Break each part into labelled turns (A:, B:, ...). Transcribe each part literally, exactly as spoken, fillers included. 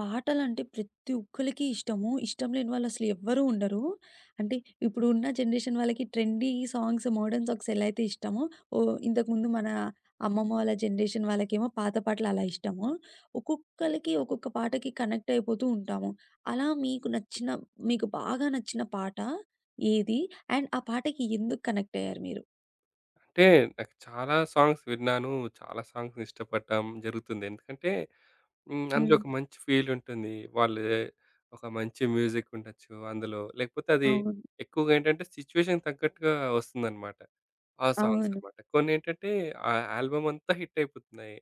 A: పాటలంటే ప్రతి ఒక్కళ్ళకి ఇష్టము. ఇష్టం లేని వాళ్ళు అసలు ఎవ్వరూ ఉండరు. అంటే ఇప్పుడు ఉన్న జనరేషన్ వాళ్ళకి ట్రెండీ సాంగ్స్ మోడర్న్ సాక్స్ ఎలైయితే ఇష్టమో ఓహ్! ఇంతకుముందు మన అమ్మమ్మ వాళ్ళ జనరేషన్ వాళ్ళకేమో పాత పాటలు అలా ఇష్టము. ఒక్కొక్కళ్ళకి ఒక్కొక్క పాటకి కనెక్ట్ అయిపోతూ ఉంటాము. అలా మీకు నచ్చిన మీకు బాగా నచ్చిన పాట ఏది? అండ్ ఆ పాటకి ఎందుకు కనెక్ట్ అయ్యారు మీరు?
B: అంటే నాకు చాలా సాంగ్స్ విన్నాను చాలా సాంగ్స్ ఇష్టపడం జరుగుతుంది. ఎందుకంటే హ్మ్ అందులో
A: హ్మ్.
B: ఒక మంచి ఫీల్ ఉంటుంది. వాళ్ళు ఒక మంచి మ్యూజిక్ ఉండొచ్చు అందులో లేకపోతే అది
A: అవును.
B: ఎక్కువగా ఏంటంటే సిచ్యుయేషన్‌కి తగ్గట్టుగా వస్తుందనమాట. ఆ సాంగ్స్
A: అవును.
B: అనమాట. కొనేంటంటే ఆ ఆల్బమ్ అంతా హిట్ అయిపోతున్నాయి.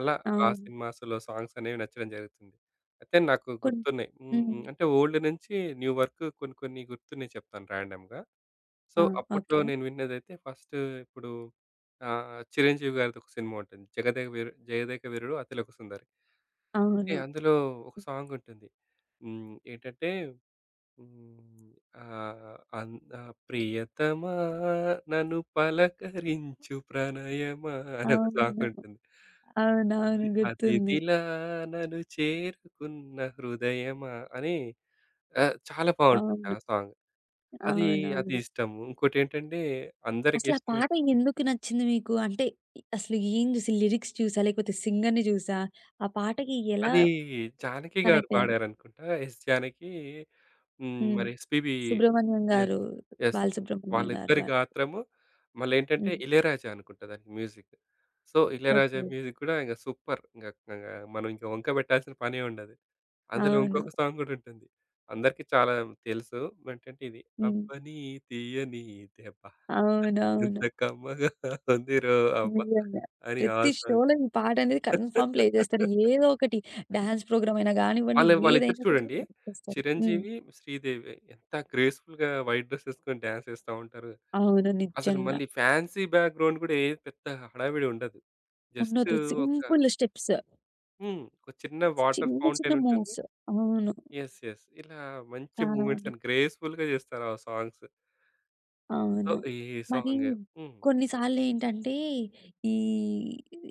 B: అలా ఆ
A: అవును.
B: సినిమాస్‌లో సాంగ్స్ అనేవి నచ్చడం జరుగుతుంది. అయితే నాకు
A: కోన్
B: గుర్తున్నాయి హ్మ్.
A: హ్మ్.
B: హ్మ్. అంటే ఓల్డ్ నుంచి న్యూ వరుకు కొన్ని కొన్ని గుర్తున్నాయి చెప్తాను ర్యాండమ్‌గా. సో
A: ఆ!
B: అప్పట్లో
A: ఓకే.
B: నేను విన్నదైతే ఫస్ట్ ఇప్పుడు ఆహ్, చిరంజీవి గారిది ఒక సినిమా ఉంటుంది. జగదేక వీరు జగదేకవీరుడు అతిలోక సుందరి. కే
A: అవును.
B: అందులో ఒక సాంగ్ ఉంటుంది. హ్మ్. ఏంటంటే హ్మ్. ఆహ్, అంతా ప్రియతమా నన్ను పలకరించు ప్రణయమా అనె ఒక సాంగ్
A: అవును.
B: ఉంటుంది.
A: అవునవును.
B: అతి
A: గుర్తుంది.
B: అతిథిలా నను చేరుకున్న హృదయమా! అని ఆహ్, చాలా బావుంటుంది ఆ
A: అవును.
B: సాంగ్. అది అది
A: అవునవును.
B: ఇష్టము ఇంకోటేంటంటే అందరికి
A: అసల ఆ
B: ఇష్టమై
A: పాట ఎందుకి నచ్చింది మీకు? అంటే అసలు ఏం జూసి లిరిక్స్ జూసా లేకపోతే సింగర్‌ని జూసా ఆ పాటకి ఎలా
B: అది జానకి గారు
A: కనెక్ట్ అయ్యారు?
B: పాడారనుకుంటా. ఎస్ జానకి హ్మ్.
A: హ్మ్.
B: మరి ఎస్‌పిబీ
A: సుబ్రహ్మణ్యం
B: యెస్.
A: గారు.
B: యెస్.
A: బాలసుబ్రమణ్యం గారు
B: వాళ్ళిద్దరి
A: వా
B: గాత్రము మళ్ళీ ఏంటంటే
A: హ్మ్.
B: ఇళయరాజా అనుకుంట దానికి music. So Ilaiyaraaja
A: okay.
B: Music గూడా ఇంగ సూప్పర్! ఇంగా కగా మనం ఇంక వంక పెట్టాల్సిన పనే ఉండదు. అందులో
A: అవును.
B: ఇంకొక సాంగ్ గూడా ఉంటుంది అందరికీ చాలా తెలుసు ఏంటంటే ఇది
A: హ్మ్.
B: అబ్బని తీయని దెబ్బా ఎంత
A: అవునవును.
B: కమ్మగా ఉందిరో అబ్బా!
A: నిజంగా.
B: అని ఆ
A: ప్రతి
B: సాంగ్.
A: షోలో ఈ పాట అనేది కన్‌ఫామ్ ప్లే జేస్తారు ఏదో ఒకటి డాన్స్ ప్రోగ్రామ్ అయిన గానివ్వండి
B: వాళ్ళే వాళ్ళిద్దరూ
A: ఏదైనా సరే
B: చూడండి.
A: చేస్తారు. హ్మ్.
B: చిరంజీవి, శ్రీదేవి ఎంత గ్రేస్‌ఫుల్‌గా వైట్ డ్రెస్ ఎసుకొని డాన్స్ ఎస్తా ఉంటారు.
A: అవును.
B: అసలు
A: నిజంగా.
B: మళ్ళీ ఫాన్సీ బ్యాక్‌గ్రౌండ్ గూడా ఏ పెద్ద హడావిడుండదు. జస్టు
A: ఉంన్నోదు.
B: ఒక
A: సింపుల్ స్టెప్స్.
B: హ్మ్. ఒక చిన్న వాటర్
A: చిన్న చిన్న
B: ఫౌంటెనుంటుంది.
A: మూవ్స్. అవును.
B: యెస్. యెస్. ఇలా మంచి
A: చాలా
B: మూవ్‌మెంట్స్
A: ఉంది.
B: అని గ్రేస్‌ఫుల్‌గా జేస్తారు ఆ సాంగ్సు. సో,
A: అవును.
B: ఈ
A: మరి
B: సాంగే. హ్మ్.
A: కొన్నిసార్లు ఏంటంటే ఈ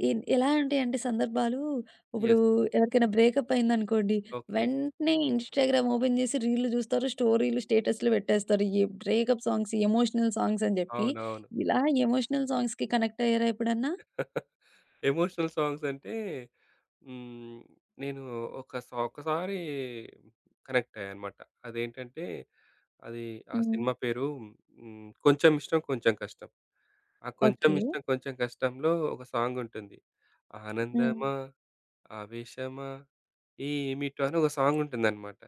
A: ఎ ఎలా ఉంటాయి అంటే సందర్భాలు ఇప్పుడు
B: యెస్.
A: ఎవరికైనా బ్రేకప్ అయిందనుకోండి
B: ఓకే.
A: వెంటనే ఇన్‌స్టా‌గ్రామ్ ఓపెన్ చేసి రీల్లు జూస్తారు స్టోరీలు స్టేటస్‌లు బెట్టేస్తారు. ఈ బ్రేకప్ సాంగ్స్ ఎమోషనల్ సాంగ్స్ అని జెప్పి
B: అవునవును.
A: ఇలా ఎమోషనల్ సాంగ్స్‌కి కనెక్ట్ అయ్యారా ఎప్పుడన్నా?
B: ఎమోషనల్ సాంగ్స్ అంటే హ్మ్. నేను ఒక సా ఒకసారి కనెక్ట్ అయ్యాననమాట. అదేంటంటే అది ఆ
A: హ్మ్.
B: సినిమా పేరు హ్మ్. 'కొంచెం ఇష్టం కొంచెం కష్టం' ఆ 'కొంచెం
A: ఓకే.
B: ఇష్టం కొంచెం కష్టంలో' ఒక సాంగుంటుంది.
A: హ్మ్.
B: ఆనందమా ఆవేశమా ఏమిటో అని ఒక సాంగుంటుందనమాట.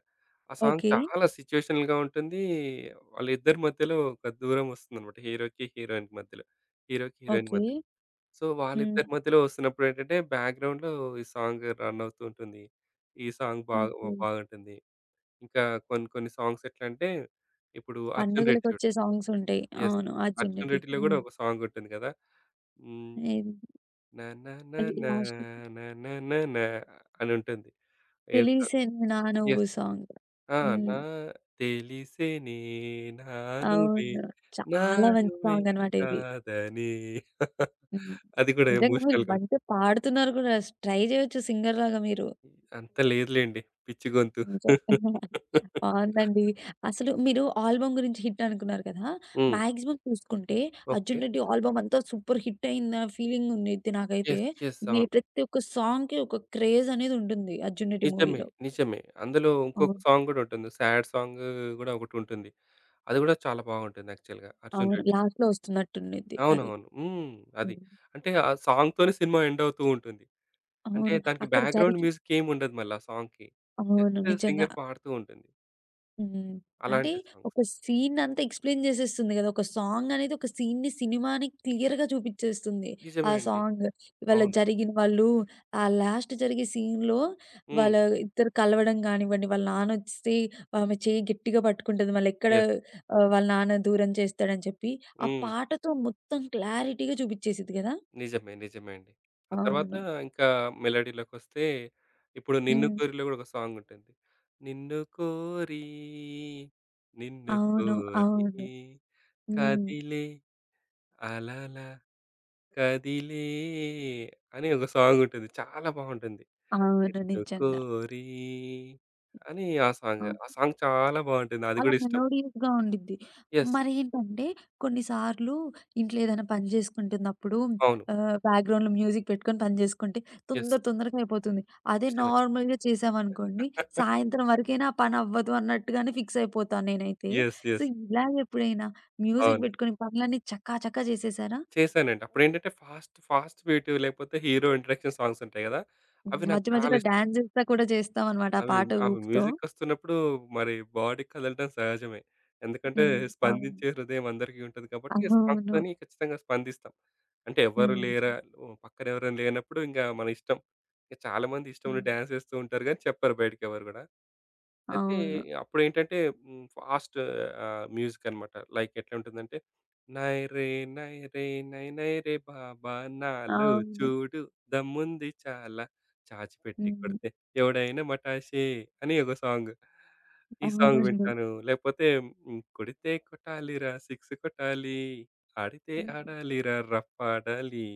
B: ఆ సాంగ్
A: ఓకే.
B: చాలా సిచ్యుయేషనల్‌గా ఉంటుంది. వాళ్ళిద్దరి మధ్యలో ఒక దూరమోస్తుందన్నమాట హీరోకి, హీరోయిన్‌కి మధ్యలో. హీరోకి హీరోయిన్
A: ఓకే.
B: మధ్యలో. సో,
A: హ్మ్.
B: వాళ్ళిద్దరి మధ్యలో వస్తున్నప్పుడేంటంటే బ్యాక్‌గ్రౌండ్‌లో ఈ సాంగు రన్ అవుతూ ఉంటుంది. ఈ సాంగ్ బాగు
A: ఓకే.
B: బాగుంటుంది. ఇంకా కొన్ని కొన్ని సాంగ్స్ ఎట్లంటే ఇప్పుడు 'అర్జున్ రెడ్డి' జూడు.
A: పండుగలకొచ్చే సాంగ్స్ ఉంటాయి.
B: యెస్.
A: అవును. 'అర్జున్
B: 'అర్జున్
A: రెడ్డి'.
B: రెడ్డి' లో కూడా
A: హ్మ్.
B: ఒక సాంగుంటుంది కదా! హ్మ్.
A: ఏది?
B: న న న
A: అది
B: నా
A: లాస్ట్‌కి
B: న న న నా అనుంటుంది. ఏంటో
A: తెలిసేనే నా నువ్వు
B: యెస్
A: సాంగు.
B: ఆ!
A: హ్మ్.
B: నా తెలిసినే నానువే
A: అవును.
B: నా
A: చాలా మంచి
B: నువ్వే
A: సాంగన్నమాట ఇది.
B: కాదని
A: హ్మ్.
B: అది కూడా
A: నిజంగా మీరు
B: ఎమోషనల్‌గా
A: మంచిగా
B: ఉంటుంది.
A: పాడుతున్నారు గూడా ట్రై జేయొచ్చు సింగర్‌లాగా మీరు.
B: అంత లేదు లెండి పిచ్చి గొంతు.
A: నిజంగా. బావుందండి. అసలు మీరు ఆల్బమ్ గురించి హిట్ అనుకున్నారు కదా!
B: హ్మ్.
A: మాక్సిమం చూసుకుంటే
B: ఓకే.
A: 'అర్జున్ రెడ్డి' ఆల్బమ్ అంతా సూపర్ హిట్ అయిందన్న ఫీలింగ్ ఉంది నాకైతే,
B: యెస్. యెస్.
A: ఈ
B: అవును.
A: ప్రతి ఒక్క సాంగ్‌కి ఒక క్రేజ్ అనేదుంటుంది 'అర్జున్ రెడ్డి'
B: నిజమే.
A: మూవీలో.
B: నిజమే. అందులో ఉంకొక
A: అవును.
B: సాంగ్ గూడా ఉంటుంది. సాడ్ సాంగు గూడా ఒకటుంటుంది. అది గూడా చాలా బావుంటుంది యాక్చువల్‌గా 'అర్జున్
A: అవును.
B: రెడ్డి'.
A: లాస్ట్‌లో వస్తున్నట్టుండిద్ది అది.
B: అవునవును. హ్మ్. అది
A: హ్మ్.
B: అంటే ఆ సాంగ్‌తోనే సినిమా ఎండ్ అవుతూ ఉంటుంది. అంటే
A: అవును.
B: దానికి
A: అక్కడ
B: బ్యాక్‌గ్రౌండ్
A: జరిగి
B: మ్యూజిక్ ఏమి ఉండదు మళ్ళా ఆ సాంగ్‌కి
A: అవును.
B: జస్ట్
A: నిజంగా.
B: సింగర్ పాడుతూ ఉంటుంది.
A: హ్మ్. అంటే
B: అలాంటి
A: ఒక
B: సాంగ్స్.
A: సీనంతా ఎక్స్‌ప్లేన్ జేసేస్తుంది గదా! ఒక సాంగ్ అనేది ఒక సీన్‌ని, సినిమాని క్లియర్‌గా చూపించేస్తుంది ఆ
B: నిజమే అండి.
A: సాంగు. ఇవాళ
B: అవును.
A: జరిగిన వాళ్ళు ఆ లాస్ట్ జరిగే సీన్‌లో
B: హ్మ్.
A: వాళ్ళ ఇద్దరు కలవడం గానివ్వండి, వాళ్ళ నాన్న ఒస్తే ఆమె చేయ్యి గట్టిగా పట్టుకుంటది మళ్ళెక్కడ
B: యెస్.
A: ఆహ్, వాళ్ళ నాన్న దూరం చేస్తాడు అని చెప్పి. ఆ
B: హ్మ్.
A: పాటతో మొత్తం క్లారిటీగా చూపిచ్చేసిద్ది గదా!
B: నిజమే. నిజమే అండి. ఆ తర్వాత
A: అవును.
B: ఇంక మెలోడీలోకొస్తే ఇప్పుడు నిన్ను
A: హ్మ్.
B: కోరిలో కూడా ఒక సాంగుంటుంది. నిన్ను కోరి నిన్ను
A: అవును.
B: కోరి
A: అవును. హ్మ్.
B: కదిలే అలాల కదిలే అని ఒక సాంగుంటుంది చాలా బావుంటుంది.
A: అవును.
B: నిన్ను
A: నిజంగా.
B: కోరి అని ఆ
A: ఆ!
B: సాంగ్, ఆ సాంగ్ చాలా బావుంటుంది అది
A: అలా
B: గూడా ఇష్టం.
A: మెలోడీస్‌గా ఉండిద్ది.
B: యెస్.
A: మరేంటంటే కొన్నిసార్లు ఇంట్లో ఏదైనా పని జేసుకుంటున్నప్పుడు
B: అవును.
A: ఆహ్, బ్యాక్‌గ్రౌండ్‌లో మ్యూజిక్ పెట్టుకొని పని జేసుకుంటే
B: యెస్.
A: తొందర తొందరగా అయిపోతుంది. అదే
B: ఇష్టమే.
A: నార్మల్‌గా చేశామనుకోండి సాయంత్రం వరకైనా పని అవ్వదు అన్నట్టుగానే ఫిక్స్ అయిపోతాను నేనైతే.
B: యెస్.
A: So,
B: yes.
A: ఇలాగ ఎప్పుడైనా మ్యూజిక్
B: అవును.
A: బెట్టుకుని పనులన్నీ చక చక జేసేసారా?
B: చేసానండి. అప్పుడెంటంటే ఫాస్ట్ ఫాస్ట్ బీటు లేకపోతే హీరో ఇంట్రోడక్షన్ సాంగ్స్ ఉంటాయి గదా!
A: హ్మ్.
B: అవి నాకు
A: మధ్య
B: చాలా
A: మధ్యలో
B: ఇష్టం.
A: డాన్స్ జేస్తా కూడా చేస్తావన్నమాట ఆ
B: అవి
A: పాట
B: అవి
A: ఊపుతో.
B: మ్యూజిక్ ఒస్తున్నప్పుడు మరి బాడీ కదలడం సహజమే. ఎందుకంటే
A: హ్మ్. అవును.
B: స్పందించే హృదయం అందరికీ ఉంటుంది కాబట్టి
A: అవును.
B: స్పందని ఖచ్చితంగా స్పందిస్తాం. అంటే ఎవరు
A: హుహు.
B: లేరా? ఓహ్! పక్కన ఎవరైనా లేనప్పుడు ఇంగ మన ఇష్టం. ఇంక చాలామంది ఇష్టమున్న
A: హ్మ్.
B: డ్యాన్స్ ఏస్తూ ఉంటారు గానీ చెప్పరు బయటికి ఎవరు గూడా. అయితే
A: అవును.
B: అప్పుడు ఏంటంటే హ్మ్ ఫాస్టు ఆహ్, మ్యూజికన్నమాట. లైక్ ఎట్లా ఉంటుందంటే నైరే నైరే నై నైరే బాబా నాలో
A: అవును.
B: చూడు దమ్ముంది చాలా చాచిపెట్టి
A: హ్మ్.
B: కొడితే ఎవడైనా మాటశే అని ఏదో సాంగ్. ఈ సాంగ్
A: అవునండి.
B: వింటాను, లేకపోతే కొడితే కొట్టాలిరా సిక్స్ కొట్టాలి ఆడితే
A: హ్మ్.
B: ఆడాలిరా రఫ్ ఆడాలి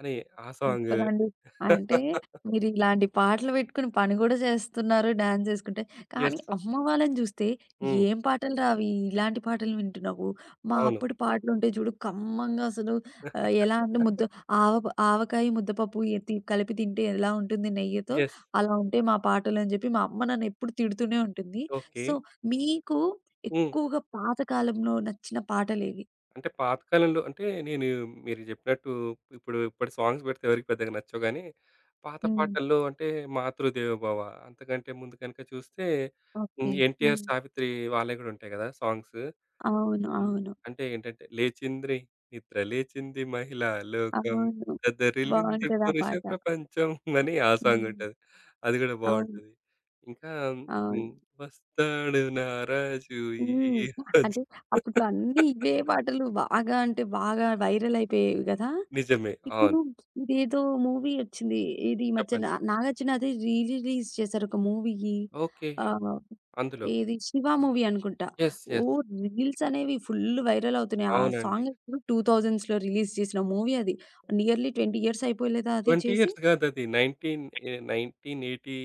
B: అని ఆ సాంగు.
A: సూపర్ అండి. అంటే మీరిలాంటి పాటలు వేట్టుకొని పని గూడా జేస్తున్నారు డ్యాన్సేసుకుంటే. కానీ
B: యెస్.
A: అమ్మ వాళ్ళని జూస్తే,
B: హ్మ్.
A: "ఏం పాటలురా అవి? ఇలాంటి పాటలు వింటున్నావు. మా
B: అవును.
A: అప్పుడు పాటలు ఉంటాయి జూడు కమ్మంగా, అసలు ఎలా అంటే ముద్ద ఆవ ఆవకాయ, ముద్దపప్పు ఎ తి కలిపి తింటే ఎలా ఉంటుంది? నెయ్యితో
B: యెస్.
A: అలా ఉంటేయి మా పాటలు" అని జెప్పి మా అమ్మ నన్నెప్పుడు తిడుతూనే ఉంటుంది. So,
B: okay.
A: మీకు
B: హ్మ్.
A: ఎక్కువగా పాత కాలంలో నచ్చిన పాటలేవి?
B: అంటే, పాతకాలంలో అంటే నేను మీరు జెప్పినట్టు ఇప్పుడు ఇప్పుడి సాంగ్స్ బెడితే ఎవరికీ పెద్దగా నచ్చవు గానీ, పాత
A: హ్మ్.
B: పాటల్లో అంటే మాతృదేవోభవ అంతకంటే ముందు కనక చూస్తే హ్మ్.
A: ఓకె.
B: ఎన్టీఆర్
A: హ్మ్.
B: సావిత్రి వాళ్ళవి గూడా ఉంటాయి కదా సాంగ్స్.
A: అవును.
B: హ్మ్.
A: అవును.
B: అంటే, ఏంటంటే లేచింద్రి నిద్ర లేచింది మహిళా లోకం
A: అవును.
B: దదరిల్లింది
A: బావుంటది ఆ
B: పురుష
A: పాట.
B: ప్రపంచం అని ఆ సాంగ్
A: హ్మ్.
B: ఉంటది. అది గూడా
A: అవును.
B: బావుంటుది. ఇంకా హ్మ్.
A: అవును.
B: వస్తాడు నారాజు ఈ
A: హ్మ్.
B: రోజు.
A: అంటే అప్పట్లో అన్ని ఇవే బాటలు బాగా అంటే బాగా వైరల్ అయిపోయేవి గదా!
B: నిజమే. అవును.
A: ఇప్పుడు ఇదేదో మూవీ ఒచ్చింది. ఏది ఈ
B: చెప్పండి?
A: మధ్యన నాగార్జునది రీ రిలీజ్ చేసారు ఒక మూవీ.
B: ఓకె.
A: ఆహ్
B: అందులో
A: ఏది? శివ మూవీ అనుకుంటా.
B: యెస్!
A: Oh
B: yes!
A: రీల్స్ అనేవి ఫుల్ వైరల్ అవుతున్నాయి. ఆ
B: అవునండి.
A: సాంగ్ టూ థౌసండ్స్‌లో రిలీజ్ చేసిన మూవీ అది నియర్లీ ట్వెంటీ ఇయర్స్ అయిపోలేదా అది
B: ట్వెంటీ
A: చేసి?
B: ఇయర్స్ గాదది నైన్టీన్ ఎ నైన్టీన్ ఎయిటీ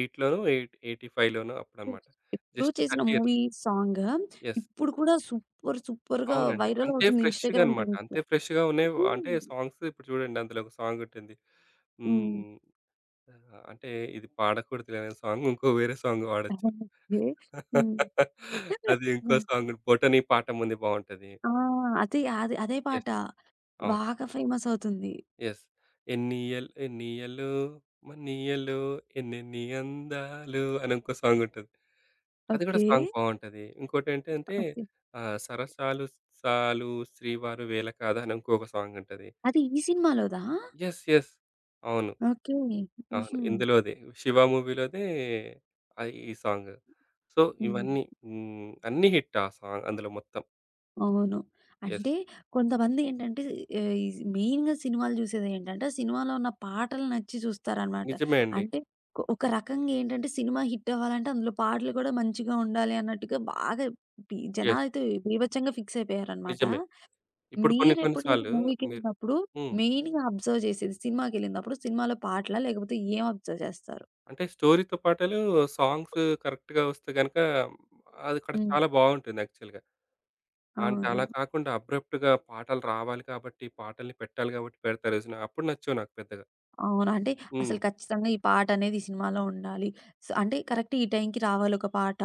B: ఎయిట్‌లోనో, ఎయిట్ ఎయిటీ ఫైవ్‌లోనో అప్పుడన్నమాట.
A: ఎప్పుడో
B: జస్ట్
A: చేసిన
B: thirty years.
A: Movie song
B: yes!
A: ఇప్పుడు కూడా సూపర్ సూపర్‌గా
B: అవునండి.
A: వైరల్
B: అంతే
A: అవుతుంది.
B: ఫ్రెష్‌గా
A: ఇన్‌స్టాగ్రామ్‌
B: అన్నమాట.
A: రీల్స్‌లో.
B: అంతే ఫ్రెష్‌గా ఉన్నాయి.
A: హ్మ్.
B: అంటే సాంగ్స్ ఇప్పుడు చూడండి అందులో ఒక సాంగ్ ఉంటుంది.
A: హ్మ్.
B: హ్మ్. ఆహ్ అంటే ఇది పాడకూడదుగాని సాంగ్ ఇంకో వేరే సాంగ్ బాడొచ్చు.
A: ఓకె. హ్మ్.
B: అది ఇంకో సాంగును 'బోటనీ పాఠముంది' బావుంటది.
A: ఆ! అది, అది. అదే పాట.
B: యెస్! అవును.
A: బాగా ఫేమస్ అవుతుంది.
B: యెస్. ఎన్నియల్ ఎన్నియళ్ళో మన్నియళ్ళో ఎన్నెన్ని అందాలు అనింకో సాంగ్ ఉంటది. అది కూడా
A: ఓకె.
B: సాంగ్ బావుంటది. ఇంకోటేంటంటే
A: ఓకె.
B: ఆహ్, 'సరసాలు సాలు శ్రీవారు వేల కాదాని' ఇంకొక సాంగ్ ఉంటది.
A: అది ఈ సినిమాలోదా?
B: యెస్. యెస్. అవును.
A: ఓకె.
B: అవును.
A: హుహు.
B: ఇందులోదే శివ మూవీ‌లోదే ఆహ్ ఈ సాంగు. సో,
A: హ్మ్.
B: ఇవన్నీ. హ్మ్ అన్ని హిట్ ఆ సా అందులో మొత్తం.
A: అవును.
B: యెస్.
A: అంటే కొంతమందేంటంటే, ఏఇజ్ మెయిన్‌గా సినిమాలు జూసేదేంటంటే, ఆ సినిమాలో ఉన్న పాటలు నచ్చి జూస్తారన్నమాట.
B: నిజమే అండి.
A: అంటే కొ ఒక రకంగేంటంటే సినిమా హిట్ అవ్వాలంటే అందులో పాటలు గూడా మంచిగా ఉండాలి అన్నట్టుగా బాగా బి
B: యెస్.
A: జనాలైతే బీభత్సంగా ఫిక్స్ అయిపోయారన్నమాట.
B: నిజమే. ఇప్పుడు కొన్ని కొన్ని
A: మీరెప్పుడైనా
B: సార్లు మీరు
A: మూవీకెళ్ళినప్పుడు,
B: హ్మ్.
A: మెయిన్‌గా అబ్జర్వ్ జేసేది, సినిమాకేళ్ళినప్పుడు సినిమాలో పాటలా, లేకపోతే ఏం అబ్జర్వ్ జేస్తారు?
B: అంటే స్టోరీ‌తో పాటలు, సాంగ్సు కరెక్ట్‌గా ఒస్తే గనుక, అది అక్కడ
A: హ్మ్.
B: చాలా బావుంటుంది యాక్చువల్‌గా. అంటే అలా
A: అవును.
B: కాకుండా అబ్రప్ట్‌గా పాటలు రావాలి కాబట్టి, పాటల్ని పెట్టాలి గాబట్టి, పెడతారు చూసినవా? అప్పుడు నచ్చవు నాకు పెద్దగా.
A: అవును. అంటే, అసలు
B: హ్మ్.
A: ఖచ్చితంగా ఈ పాటనేది ఈ సినిమాలో ఉండాలి. స్ అంటే కరెక్ట్ ఈ టైంకి రావాలొక పాట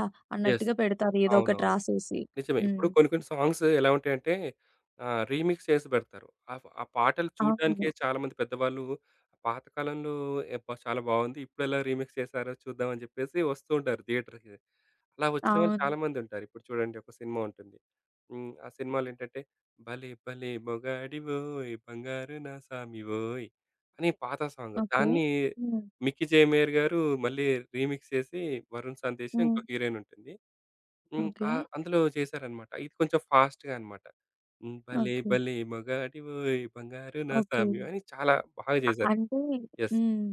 B: యెస్.
A: అన్నట్టుగా పెడతారు. ఏదో ఒకటి
B: అవునవును.
A: రాసేసి.
B: నిజమే ఇప్పుడు
A: హ్మ్.
B: కొన్ని కొన్ని సాంగ్స్ ఎలా ఉంటాయంటే, ఆహ్, రీమిక్స్ చేసి బెడతారు. ఆప్ ఆ! పాటలు చూడటానికే
A: అవును.
B: చాలామంది పెద్దవాళ్ళు పాతకాలంలో ఏబ్భా! చాలా బావుంది ఇప్పుడెలా రీమిక్స్ చేసారో చూద్దాం అని జెప్పేసి వస్తుంటారు. థియేటర్‌కి. అలా ఒచ్చిన వాళ్ళు
A: అవును.
B: చాలా మందుంటారు. ఇప్పుడు చూడండి ఒక సినిమా ఉంటుంది. హ్మ్. ఆ! సినిమాలో ఏంటంటే, భలే భలే మొగాడివోయ్ బంగారు నా సామి ఓయ్! అని పాత సాంగ్
A: ఓకే.
B: దాన్ని
A: హ్మ్.
B: 'మిక్కీ జైమర్' గారు మళ్ళీ రీమిక్స్ చేసి 'వరుణ్ సందేశ్'
A: హ్మ్.
B: ఇంకోకా హీరోయినుంటుంది, హ్మ్.
A: ఓకే.
B: ఆహ్, అందులో చేశారన్నమాట. ఇది కొంచెం ఫాస్ట్‌గాన్నమాట. హ్మ్ భలే
A: ఓకే.
B: భలే మొగాడివోయ్ బంగారు నా
A: ఓకే.
B: సామి అని చాలా బాగా జేసారు.
A: అంటే
B: యెస్.
A: హ్మ్.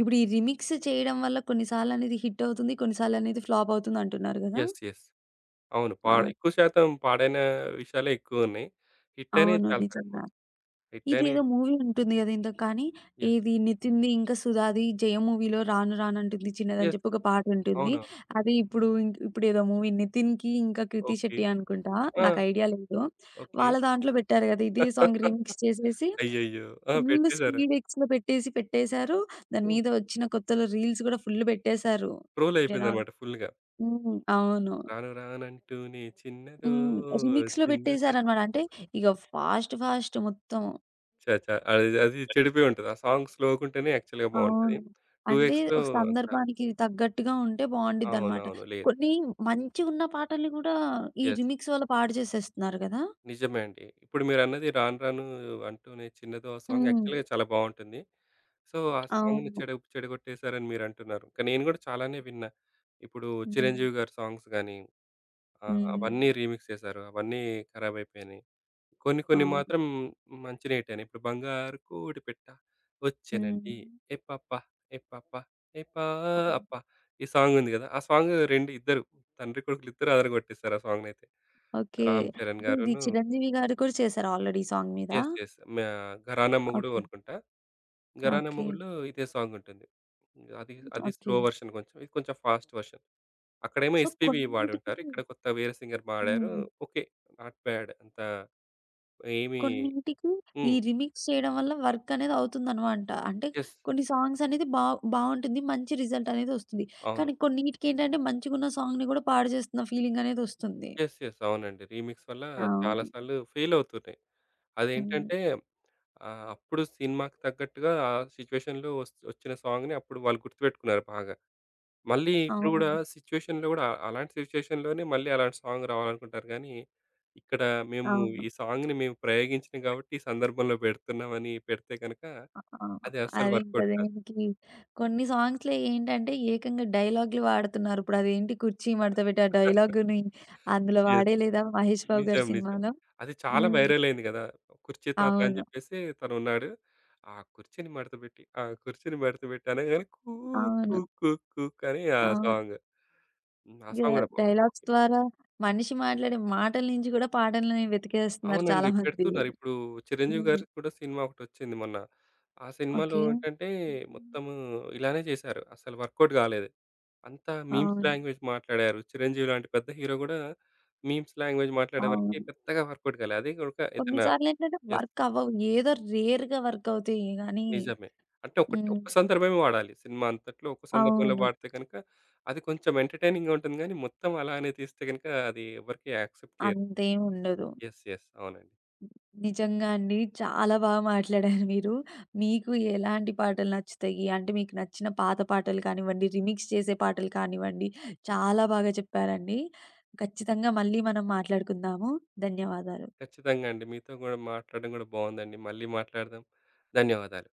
A: ఇప్పుడు ఈ రీమిక్స్ చేయడం వల్ల కొన్ని సార్లనేది హిట్ అవుతుంది, కొన్ని సార్లనేది ఫ్లాప్ అవుతుంది అంటున్నారు గదా!
B: యెస్. యెస్. అవును పా
A: అవును.
B: ఎక్కువ శాతం పాడైన విషయాలే ఎక్కువున్నాయి. హిట్ అయినయి
A: అవును.
B: చాలా తక్కువ
A: నిజంగా.
B: హిట్ అయినయి
A: ఇదేదో మూవీ ఉంటుంది గదా! ఏదో కాన్ని
B: యెస్.
A: ఇది 'నితిన్‌ది' ఇంకా 'సుధాది జయం' మూవీ‌లో 'రాను రాను అంటుంది చిన్నది' అని
B: యెస్.
A: చెప్పి ఒక పాటుంటుంది.
B: అవునవును.
A: అది ఇప్పుడు, ఇప్పుడు ఏదో మూవీ 'నితిన్‌కి' ఇంకా 'క్రితి
B: ఓకే.
A: శెట్టి' అనుకుంటా,
B: ఆ!
A: నాకైడియా లేదు.
B: ఓకే.
A: వాళ్ళ దాంట్లో బెట్టారు గదా! ఇదే సాంగ్ రీమిక్స్ చేసేసి.
B: అయ్యయ్యో! ఆ!
A: ఫుల్
B: పెట్టేసారు.
A: స్పీడ్ ఎక్స్‌లో పెట్టేసి పెట్టేసారు. దాని
B: హ్మ్.
A: మీద ఒచ్చిన కొత్తలో రీల్స్ గూడా ఫుల్ బెట్టేసారు. జనాలు
B: ట్రోలయిపోటిదన్నమాట ఫుల్‌గా.
A: హ్మ్. అవును.
B: రాను రాను అంటూ‌నే చిన్నదో
A: హ్మ్. రీమిక్స్‌లో
B: చిన్నదో.
A: బేట్టేసారన్నమాట. అంటే ఇగ ఫాస్ట్ ఫాస్ట్ మొత్తం.
B: ఛ! ఛ! అయి అది చెడిపోయుంటది. ఆ సాంగ్ స్లో‌గుంటేనే యాక్చల్‌గా బాగుంటది.
A: అవును.
B: టు
A: అంటే
B: ఎక్స్‌లో
A: ఒక
B: అంత
A: సందర్భానికి తగ్గట్టుగా ఉంటే, బావుండిద్దనమాట.
B: అవునవును. లేరు.
A: కొన్నీ మంచిగున్న పాటలని గూడా, ఈ
B: యెస్.
A: రీమిక్స్ వల్ల పాడు జేసేస్తున్నారు గదా!
B: నిజమే అండి. ఇప్పుడు మీరన్నది రాను రాను అంటూనే చిన్నదో. ఆ సాంగ్
A: హ్మ్.
B: యాక్చల్‌గా చాలా బావుంటుంది. సో, ఆ సాంగ్‌ని
A: అవును.
B: చెడ చెడగొట్టేసారని మీరంటున్నారు. కానీ నేను గూడా చాలానే విన్న. ఇప్పుడు
A: హ్మ్.
B: 'చిరంజీవి' గారి సాంగ్స్ గానీ, ఆహ్, అవన్నీ
A: హ్మ్.
B: రీమిక్స్ చేసారు. అవన్నీ ఖరాబైపోయినాయి. కొన్ని కొన్ని
A: అవును.
B: మాత్రం మంచినే హిట్టయిని. ఇప్పుడు బంగారు కోడి పిట్ట వచ్చెనండి
A: హ్మ్.
B: ఏయ్ పాప! ఏయ్ పాప! ఏయ్,
A: ఆ!
B: పాప ఈ సాంగుంది గదా! ఆ సాంగు రెండ్ ఇద్దరు తండ్రి, కొడుకులిద్దరూ ఆదరగొట్టేసారు, ఆ సాంగునైతే.
A: ఓకే.
B: 'రామ్ చరణ్'
A: ఉంది.
B: గారును
A: 'చిరంజీవి' గారు కూడా చేసారా, ఆల్రెడీ ఈ సాంగ్ మీద?
B: యెస్. యెస్. మే ఘరానా మొగుడు
A: ఓకే.
B: అనుకుంటా. ఘరానా
A: ఓకే.
B: మొగుడులో ఇదే సాంగుంటుంది. అది అది స్లో
A: ఓకే.
B: వెర్షన్ కొంచెం. ఇది కొంచెం ఫాస్ట్ వెర్షన్. అక్కడేమో
A: సో,
B: 'ఎస్పీబీ'
A: కొన్నిటికి
B: బాడుంటారు. ఇక్కడ కొత్త వేరే సింగర్ బాడారు.
A: హ్మ్.
B: ఓకే. నాట్ బ్యాడ్ అంత ఏమి
A: కొన్నింటికి ఈ
B: హ్మ్.
A: రీమిక్స్ చేయడం వల్ల, వర్కనేది అవుతుందనమాట. అంటే
B: యెస్.
A: కొన్ని సాంగ్సనేది బా బావుంటుంది. మంచి రిజల్టనేది ఒస్తుంది.
B: అవును.
A: కానీ, కొన్నీటికేంటంటే మంచిగున్న సాంగ్‌ని గూడా, పాడుజేస్తున్న ఫీలింగనేది ఒస్తుంది.
B: యెస్. యెస్. అవునండి. రీమిక్స్ వల్ల చాలా
A: అవును.
B: సార్లు ఫెయిలవుతున్నాయి.
A: హ్మ్.
B: అదేంటంటే ఆహ్, అప్పుడు సినిమాకు తగ్గట్టుగా ఆ సిచ్యువేషన్‌లో ఒస్త్ ఒచ్చిన సాంగుని అప్పుడు వాళ్ళు గుర్తుబెట్టుకున్నారు బాగా. మళ్ళీ ఇప్పుడు గూడా
A: అవును.
B: సిచ్యువేషన్‌లో గూడా, అలాంటి సిచ్యువేషన్‌లోనే మళ్ళీ, అలాంటి సాంగ్ రావాలనుకుంటారు గానీ, ఇక్కడ మేము
A: అవును.
B: ఈ సాంగ్‌ని మేము ప్రయోగించినియి గాబట్టి, ఈ సందర్భంలో బెడుతున్నామని పెడితే గనక,
A: ఆ! ఆ!
B: అది అస్సలు
A: అది ఇంక
B: వర్కౌట్ కాదు.
A: దేనికి కొన్ని, సాంగ్స్‌లో ఏంటంటే, ఏకంగా డైలాగులు వాడుతున్నారు. ఇప్పుడు అదేంటి కుర్చీ మడత బెట్టి ఆ డైలాగుని, అందులో
B: యెస్.
A: వాడేయి లేదా, 'మహేష్ బాబు' గారి
B: నిజం. నిజం.
A: సినిమాలో.
B: అది చాలా
A: హ్మ్.
B: వైరలయింది గదా! కుర్చీ తాత అని
A: అవును.
B: జెప్పేసి తనున్నాడు. ఆ కుర్చీని మడత బెట్టి, ఆ కుర్చీని మడత బెట్టు అనంగానే కూ కు
A: అవును.
B: కు కుక్ అని ఆ
A: అవును.
B: సాంగు. హ్మ్. ఆ సాంగ్
A: యాహ్!
B: కూడా బాగుంది.
A: డైలాగ్స్ ద్వారా మనిషి మాట్లాడే మాటల నించి గూడా, పాటలిని వెతికేస్తున్నారు చాలా
B: అవునండి.
A: మంది.
B: పెడుతున్నారిప్పుడు. 'చిరంజీవి'
A: హ్మ్.
B: గారికి కూడా సినిమా ఒకటొచ్చింది మొన్న. ఆ సినిమాలో
A: ఓకే.
B: ఏంటంటే, మొత్తము ఇలానే చేశారు. అసలు వర్కౌట్ గాలేదు. అంతా మీమ్స్
A: అవును.
B: లాంగ్వేజ్ మాట్లాడారు. 'చిరంజీవి‌' లాంటి పెద్ద హీరో గూడా, మీమ్స్ లాంగ్వేజ్ మాట్లాడే వరికి,
A: అవును.
B: పెద్దగా వర్కౌట్ గాలే. అది గూడక
A: కొన్ని
B: ఇతనా
A: సార్లేందంటే
B: యెస్.
A: వర్క్ అవ్వవు. ఏదో రేర్‌గా వర్కవుతియి గానీ,
B: నిజమే. అంటే ఒక్కటి
A: హ్మ్.
B: ఒక్క సందర్భమే వాడాలి. సినిమా అంతటలో, ఒక్క సందర్భంలో
A: అవును.
B: వాడితే గనక. అది కొంచెం ఎంటర్‌టైనింగ్‌గా ఉంటుంది. గానీ, మొత్తం అలానే తీస్తే గనుక, అది ఎవరికీ యాక్సెప్ట్ చెయ్యరు.
A: అంతేముండదు.
B: యెస్. యెస్. అవునండి.
A: నిజంగా అండి. చాలా బాగా మాట్లాడారు మీరు. మీకు ఎలాంటి పాటలు నచ్చుతయి, అంటే మీకు నచ్చిన పాత పాటలు కానివ్వండి, రీమిక్స్ చేసే పాటలు కానివ్వండి. చాలా బాగా చెప్పారండి. ఖచ్చితంగా మళ్ళీ మనం మాట్లాడుకుందాము. ధన్యవాదాలు.
B: ఖచ్చితంగా అండి. మీతో గూడా, మాట్లాడడం గూడా బాగుందండి. మళ్ళీ మాట్లాడదాం. ధన్యవాదాలు.